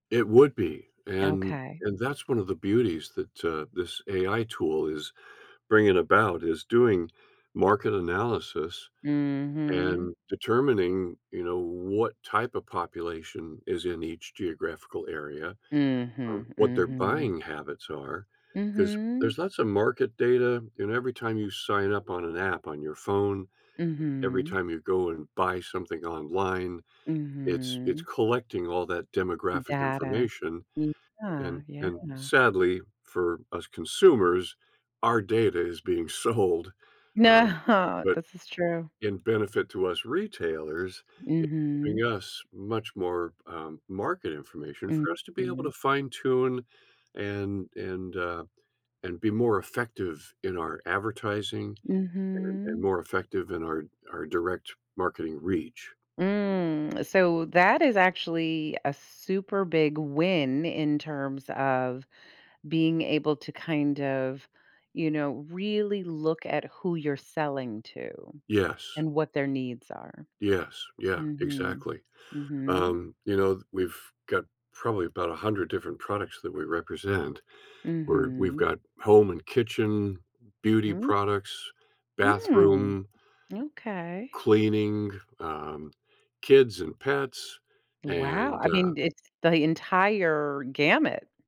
It would be, and Okay. and that's one of the beauties that, uh, this AI tool is bringing about, is doing market analysis Mhm. and determining, you know, w what type of population is in each geographical area, Mhm. um, what their Mhm. buying habits are, 'cause there's Mhm. lots of market data and every time you sign up on an app on your phone, every Mhm. time you go and buy something online, it's it's Mhm. collecting all that demographic Data. information. M yeah, And yeah. and, sadly, for us consumers, our data is being sold, um, No. but This is true. in benefit to us retailers, it's giving Mhm. us much more, um, market information for us to be able Mhm. to fine tune and and, uh and be more effective in our advertising and and Mhm. more effective in our our direct marketing reach. Mm. So, that is actually a super big win in terms of being able to kind of, you know, really look at who you're selling to Yes. and what their needs are. Yes. Yeah. Mhm. Exactly. Mhm. Um, you know, th we've got probably about 100 different products that we represent. We're we've Mhm. got home and kitchen, beauty Mm. products, Mm. bathroom Okay. cleaning, um kids and pets, Wow. and I uh mean, it's the entire gamut.